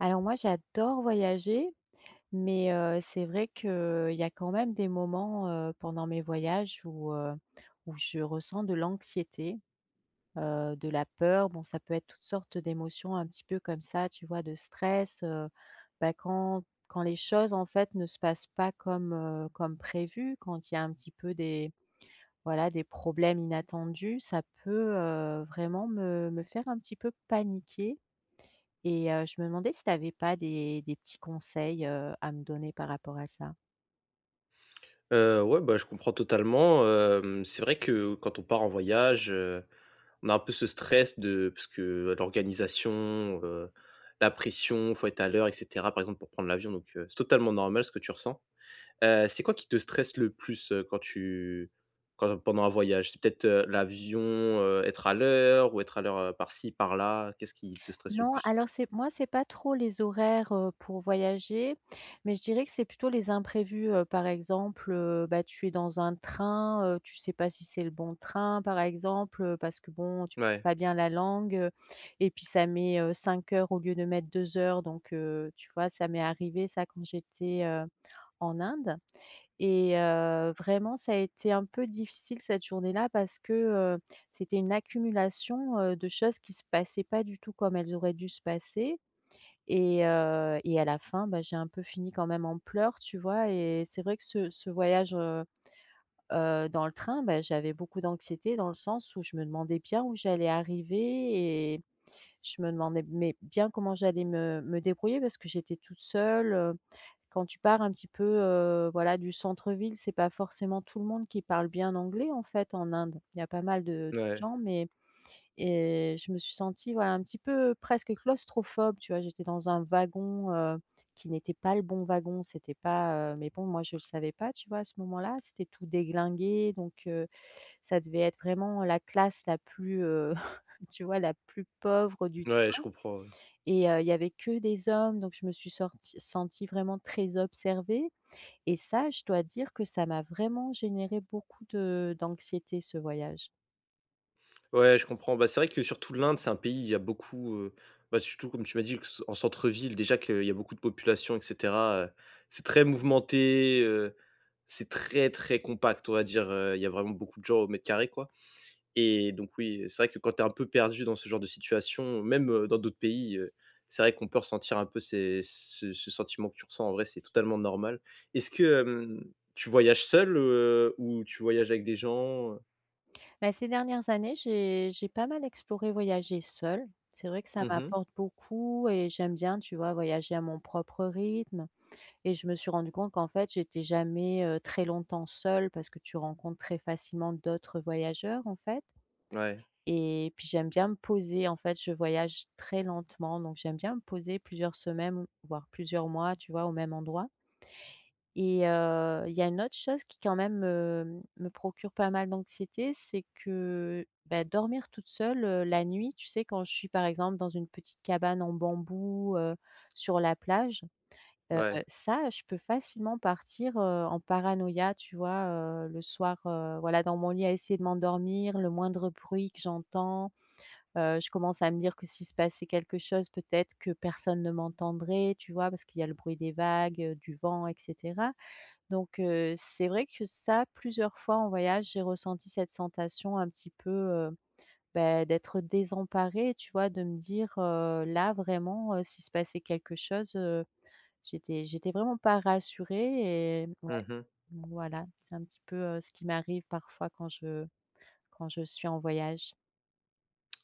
Alors moi, j'adore voyager. Mais, heu, c'est vrai qu'il y a quand même des moments, heu, pendant mes voyages où, heu, où je ressens de l'anxiété. Heu, de la peur. Bon ça peut être toute sorte d'émotion, un petit peu comme ça, tu vois, de stress. Heu, bah, quand quand les choses, en fait, ne se passent pas comme, heu, comme prévues. Quand il y a un petit peu des, voilà, des problèmes inattendus, ça peut, heu, vraiment me me faire un petit peu paniquer, et heu, je me demandais si tu avais pas des des petits conseils, heu, à me donner par rapport à ça? Heu, ouais, bah, je comprends totalement. Hem, c'est vrai que quand on part en voyage, heu, on a un peu ce stress de parce que l'organisation, heu, la pression, il faut être à l'heure et cetera. Par exemple, pour prendre l'avion. Donc, heu, c'est totalement normal ce que tu ressens. Heu, c'est quoi qui te stresse le plus, heu, quand tu quand pendant un voyage, c'est peut-être l'avion, heu, être à l'heure ou être à l'heure par-ci par-là, qu'est-ce qui te stresse le Non, plus? alors c'est moi c'est pas trop les horaires, heu, pour voyager. Mais je dirais que c'est plutôt les imprévus, heu, par exemple, heu, bah, tu es dans un train, heu, tu sais pas si c'est le bon train par exemple, heu, parce que bon, tu parles Mouais. pas bien la langue. Heu, et puis ça met, heu, 5 heures au lieu de mettre 2 heures donc, heu, tu vois? Ça m'est arrivé ça, quand j'étais, heu, en Inde, et heu, vraiment ça a été un peu difficile cette journée-là parce que, heu, c'était une accumulation, heu, de choses qui se passaient pas du tout comme elles auraient dû se passer. Et heu, et à la fin, bah, j'ai un peu fini quand même en pleurs, tu vois? Et c'est vrai que ce ce voyage, heu heu, dans le train, bah, j'avais beaucoup d'anxiété dans le sens où je me demandais bien où j'allais arriver. Et je me demandais, mais bien comment j'allais me me débrouiller. Parce que j'étais toute seule. Quand tu pars un petit peu, heu, voilà, du centre-ville, c'est pas forcément tout le monde qui parle bien anglais en fait en Inde, il y a pas mal de Mouais. gens, mais et je me suis sentie voilà un petit peu presque claustrophobe, tu vois? J'étais dans un wagon, heu, qui n'était pas le bon wagon, c'était pas heu, mais bon moi, je le savais pas, tu vois? À ce moment-là, c'était tout déglingué donc, heu, ça devait être vraiment la classe la plus, heu, tu vois? La plus pauvre du Mouais, je train. comprends, ouais. Et heu, il y avait que des hommes donc je me suis sortie sentie vraiment très observée. Et ça, je dois dire que ça m'a vraiment généré beaucoup de d'anxiété ce voyage. Ouais, je comprends. Bah, c'est vrai que surtout l'Inde, c'est un pays où il y a beaucoup, heu, bah, surtout comme tu m'as dit que s en centre-ville déjà qu'il y a beaucoup de population, et cetera. Heu, c'est très mouvementé. Heu, c'est très, très compact, on va dire. Heu, il y a vraiment beaucoup de gens au mètre carré, quoi, et donc, oui, c'est vrai que quand tu es un peu perdue dans ce genre de situation, même, heu, dans d'autres pays, heu, c'est vrai qu'on peut ressentir un peu ces ce ce sentiment que tu ressens, en vrai, c'est totalement normal. Est-ce que, hem, tu voyages seule? Heu, ou tu voyages avec des gens? Heu Bah, ces dernières années j'ai j'ai pas mal exploré, voyagé seule. C'est vrai que ça Mmh mh. m'apporte beaucoup et j'aime bien, tu vois, voyager à mon propre rythme. Et je me suis rendue compte qu'en fait, j'étais jamais, heu, très longtemps seule parce que tu rencontres très facilement d'autres voyageurs, en fait Ouais. et puis j'aime bien me poser, en fait. Je voyage très lentement, donc j'aime bien me poser plusieurs semaines voire plusieurs mois, tu vois, au même endroit et heu, il y a une autre chose qui quand même me me procure pas mal d'anxiété, c'est que, bah, dormir toute seule, heu, la nuit, tu sais, quand je suis, par exemple, dans une petite cabane en bambou, heu, sur la plage. Heu, Ouais. ça, je peux facilement partir, heu, en paranoïa, tu vois? Heu, le soir, heu, voilà dans mon lit à essayer de m'endormir, le moindre bruit que j'entends, heu, je commence à me dire que s'il se passait quelque chose peut-être que personne ne m'entendrait, tu vois? Parce qu'il y a le bruit des vagues, heu, du vent et cetera. Donc, heu, c'est vrai que, ça, plusieurs fois en voyage j'ai ressenti cette sensation un petit peu, heu, bah, d'être désemparée, tu vois? De me dire: «Heu, là, vraiment, heu, s'il se passait quelque chose, heu», j'étais j'étais vraiment pas rassurée. Et ouais, Mmh mh. voilà, c'est un petit peu, heu, ce qui m'arrive parfois quand je quand je suis en voyage.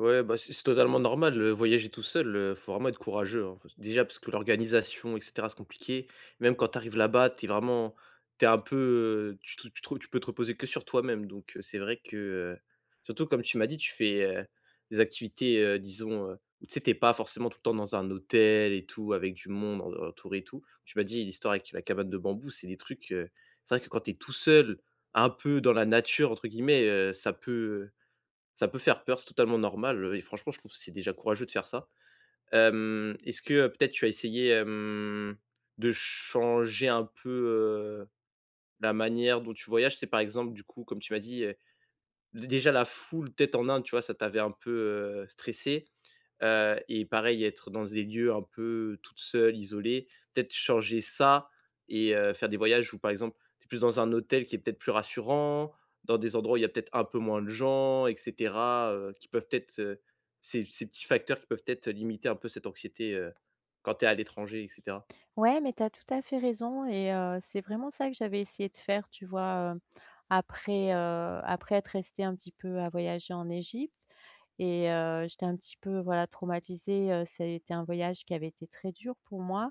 Ouais, bah, c'est c'est totalement normal, heu, voyager tout seul, heu, il faut vraiment être courageux, hein. Il faut s Déjà, parce que l'organisation et cetera, c'est compliqué. Même quand tu arrives là-bas, tu es vraiment tu es un peu, heu, tu te tu te re tu peux te reposer que sur toi-même donc, heu, c'est vrai que, heu. Surtout, comme tu m'as dit, tu fais, heu, des activités, heu, disons, heu où tu sais, tu es pas forcément tout le temps dans un hôtel et tout, avec du monde en autour et tout. Tu m'as dit, l'histoire avec la cabane de bambou, c'est des trucs, heu c'est vrai que quand tu es tout seul, un peu «dans la nature» entre guillemets, heu, ça peut, heu ça peut faire peur, c'est totalement normal. Heu et franchement, je trouve, c'est déjà courageux de faire ça. Hem, est-ce que, heu, peut-être, tu as essayé, hem, de changer un peu, heu, la manière dont tu voyages? Tu sais, par exemple, du coup, comme tu m'as dit heu dé déjà, la foule peut-être en Inde, tu vois, ça t'avait un peu, heu, stressé. Heu et pareil, être dans des lieux un peu, toute seule, isolée, peut-être changer ça et heu, faire des voyages où par exemple, tu es plus dans un hôtel qui est peut-être plus rassurant, dans des endroits où il y a peut-être un peu moins de gens et cetera, heu, qui peuvent être, heu ces ces petits facteurs qui peuvent peut-être limiter un peu, cette anxiété, heu, quand tu es à l'étranger et cetera. Ouais, mais tu as tout à fait raison et heu, c'est vraiment ça que j'avais essayé de faire, tu vois, heu, après, heu après être restée un petit peu à voyager en Égypte et heu, j'étais un petit peu, voilà traumatisée, heu, ça, était un voyage qui avait été très dur pour moi.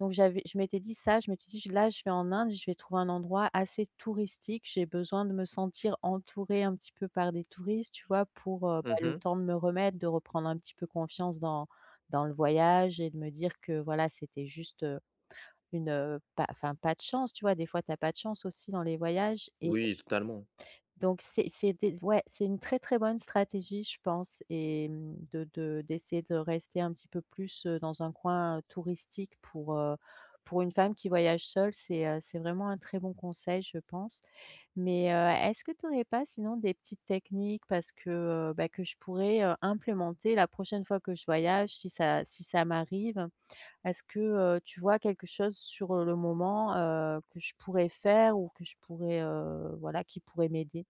Donc j'avais je m'étais dit ça, je m'étais dit: «Je là, je vais en Inde, je vais trouver un endroit assez touristique. J'ai besoin de me sentir entourée, un petit peu par des touristes», tu vois? Pour, heu, bah, Mmh le mh. temps de me remettre, de reprendre un petit peu confiance dans dans le voyage et de me dire: «Que, voilà, c'était juste, heu, une, heu, pas enfin pas de chance», tu vois? Des fois, tu as pas de chance aussi dans les voyages et Oui, totalement. Donc, c'est c'était s ouais c'est une très, très bonne stratégie, je pense et mmh, de de d'essayer de rester un petit peu plus, heu, dans un coin touristique. Pour, heu, pour une femme qui voyage seule, c'est, heu, c'est vraiment un très bon conseil, je pense. Mais, heu, est-ce que tu aurais pas sinon, des petites techniques, parce que, heu bah, que je pourrais, heu, implémenter la prochaine fois que je voyage? Si ça si ça m'arrive, heu. Est-ce que, heu, tu vois quelque chose sur le moment, heu, que je pourrais faire, ou que je pourrais, heu, voilà, qui pourrait m'aider?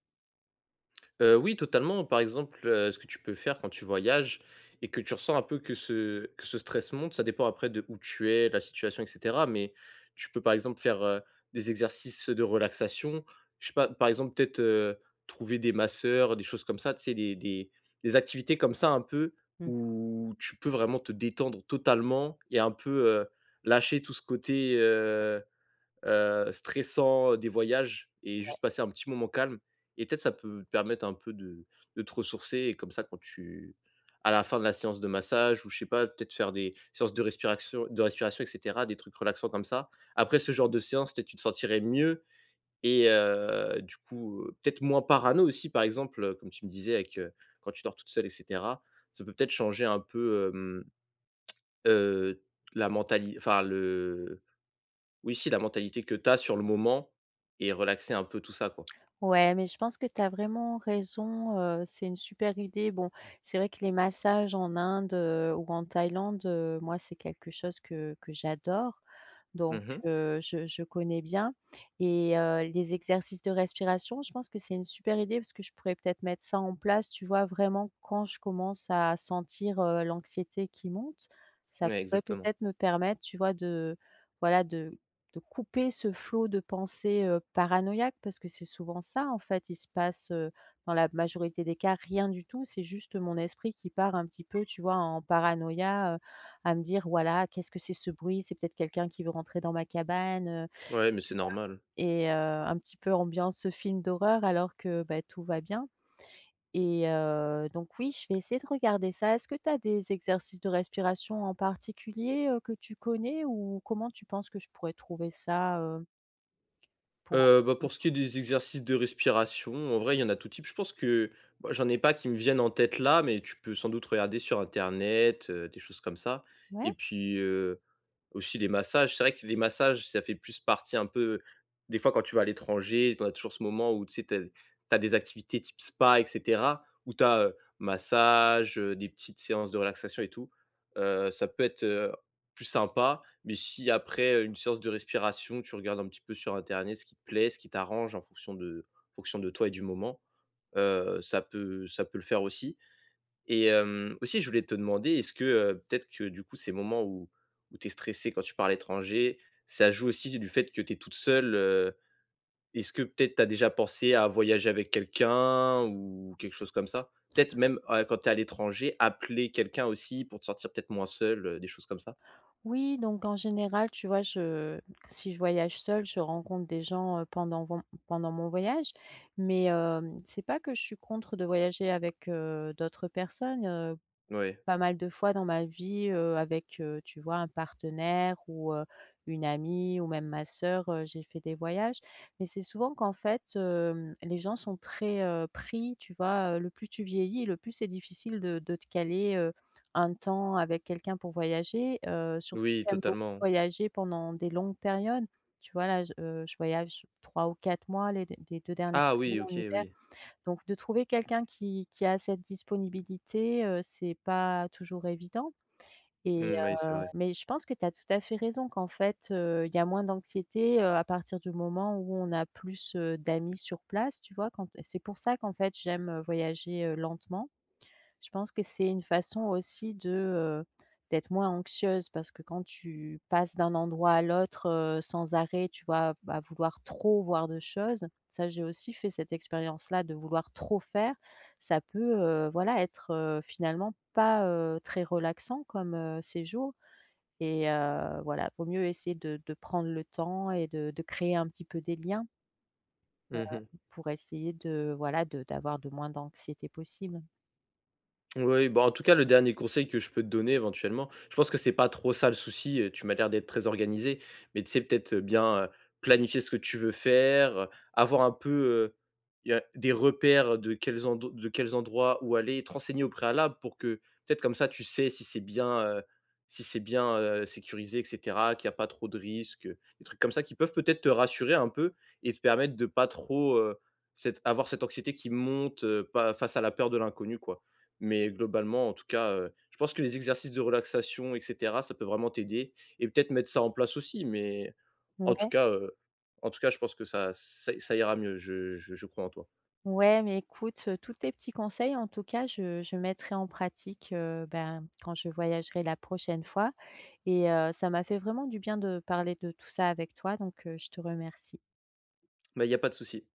Heu, oui, totalement par exemple, heu, ce que tu peux faire quand tu voyages et que tu ressens un peu que ce que ce stress monte, ça dépend après d'où tu es, la situation et cetera, mais, tu peux par exemple faire, heu, des exercices de relaxation. Je sais pas par exemple peut-être, heu, trouver des masseurs, des choses comme ça, tu sais des des des activités comme ça un peu Mmh. où tu peux vraiment te détendre totalement, et un peu, heu, lâcher tout ce côté, heu heu, stressant, heu, des voyages, et Ouais. juste passer un petit moment calme, et peut-être ça peut permettre un peu de de te ressourcer et comme ça quand tu à la fin de la séance de massage ou je sais pas, peut-être faire des séances de respiration de respiration et cetera, des trucs relaxants comme ça. Après ce genre de séances, peut-être tu te sentirais mieux, et heu, du coup, heu, peut-être moins parano aussi par exemple, heu, comme tu me disais avec heu, quand tu dors toute seule et cetera, ça peut peut-être changer un peu, hem heu, la mentali enfin le oui, si, la mentalité que tu as sur le moment et relaxer un peu tout ça quoi. Ouais, mais je pense que tu as vraiment raison. Heu, c'est une super idée. Bon, c'est vrai que les massages en Inde, heu, ou en Thaïlande, heu, moi, c'est quelque chose que que j'adore. Mmh Donc, mh. heu, je je connais bien, et, heu, les exercices de respiration, je pense que c'est une super idée parce que je pourrais peut-être mettre ça en place, tu vois, vraiment quand je commence à sentir l'anxiété qui monte. Ça Ouais, pourrait exactement. peut-être me permettre, tu vois de voilà de de couper ce flot de pensées, heu, paranoïaques. Parce que c'est souvent ça, en fait. Il se passe, heu, dans la majorité des cas rien du tout, c'est juste mon esprit qui part un petit peu, tu vois, en paranoïa, heu, à me dire voilà: «Qu'est-ce que c'est, ce bruit? C'est peut-être quelqu'un qui veut rentrer dans ma cabane», heu, Ouais, mais tu c'est vois, normal. et heu, un petit peu ambiance, heu, film d'horreur alors que bah tout va bien, et heu, donc oui, je vais essayer de regarder ça. Est-ce que tu as des exercices de respiration en particulier, heu, que tu connais? Ou comment tu penses que je pourrais trouver ça, heu pour Heu, bah, pour ce apprendre? qui est des exercices de respiration, en vrai, il y en a tous types. Je pense que bah, j'en ai pas qui me viennent en tête là, mais tu peux sans doute regarder sur Internet, heu, des choses comme ça, et Ouais. puis, heu, aussi les massages, c'est vrai que les massages, ça fait plus parti un peu des fois, quand tu vas à l'étranger, tu en as toujours ce moment où tu sais, tu as tu as des activités type spa et cetera où tu as, heu, massage, heu, des petites séances de relaxation et tout. Heu, ça peut être, heu, plus sympa. Mais si après, heu, une séance de respiration, tu regardes un petit peu sur Internet ce qui te plaît, ce qui t'arrange en fonction de en fonction de toi et du moment. Heu, ça peut ça peut le faire aussi, et hem, aussi je voulais te demander, est-ce que, heu, peut-être que du coup, ces moments où où tu es stressée quand tu pars à l'étranger, ça joue aussi du du fait que tu es toute seule, heu, est-ce que peut-être tu as déjà pensé à voyager avec quelqu'un ou quelque chose comme ça? Peut-être même à, heu, quand tu es à l'étranger, appeler quelqu'un aussi pour te sentir peut-être moi seule, heu, des choses comme ça? Oui, donc en général, tu vois, je si je voyage seule, je rencontre des gens, heu, pendant von pendant mon voyage. Mais, hem, c'est pas que je suis contre de voyager avec, heu, d'autres personnes, heu, Ouais. pas mal de fois dans ma vie, heu, avec, heu, tu vois, un partenaire ou, heu, une amie ou même ma soeur, heu, j'ai fait des voyages, mais c'est souvent qu'en fait, hem, les gens sont très, heu, pris tu vois? Heu, le plus tu vieillis et le plus c'est difficile de de te caler, heu, un temps avec quelqu'un pour voyager, heu, surtout Oui, j'aime beaucoup totalement. voyager pendant des longues périodes. Tu vois là j heu, je voyage 3 ou 4 mois les les 2 dernières Ah années oui, OK, en hiver. oui. Donc de trouver quelqu'un qui qui a cette disponibilité, heu, c'est pas toujours évident, et Mmh oui, c'est heu, vrai. mais je pense que tu as tout à fait raison, qu'en fait, heu, il y a moins d'anxiété, heu, à partir du moment où on a plus, heu, d'amis sur place, tu vois? Quand t c'est pour ça qu'en fait j'aime, heu, voyager, heu, lentement. Je pense que c'est une façon aussi de, heu, d'être moins anxieuse. Parce que quand tu passes d'un endroit à l'autre, heu, sans arrêt tu vois, à v à vouloir trop voir de choses, ça j'ai aussi fait cette expérience là de vouloir trop faire, ça peut, heu, voilà, être, heu, finalement pas, heu, très relaxant comme, heu, séjour, et heu, voilà vaut mieux essayer de de prendre le temps et de de créer un petit peu des liens. Heu, Mmh mh. pour essayer de, voilà, de d'avoir de moins d'anxiété possible. Oui, bah, en tout cas, le dernier conseil que je peux te donner, éventuellement, je pense que c'est pas trop ça le souci, heu, tu m'as l'air d'être très organisée. Mais tu sais peut-être, heu, bien, heu, planifier ce que tu veux faire, avoir un peu, heu, il y a des repères de quels endo de quels endroits où aller. Te renseigner au préalable pour que peut-être comme ça tu sais si c'est bien, heu si c'est bien, heu, sécurisé et cetera, qu'il y a pas trop de risques, des trucs comme ça qui peuvent peut-être te rassurer un peu, et te permettre de pas trop heu, cette avoir cette anxiété qui monte, heu, pas face à la peur de l'inconnu, quoi. Mais globalement en tout cas, heu, je pense que les exercices de relaxation et cetera, ça peut vraiment t'aider et peut-être mettre ça en place aussi. Mais, en tout Ouais. cas, heu en tout cas, je pense que ça ç ça i ça ira mieux, je je je crois en toi. Ouais, mais écoute, tous tes petits conseils en tout cas je je mettrai en pratique, heu, ben, quand je voyagerai la prochaine fois, et heu, ça m'a fait vraiment du bien de parler de tout ça avec toi, donc, heu, je te remercie. Bah, il y a pas de souci.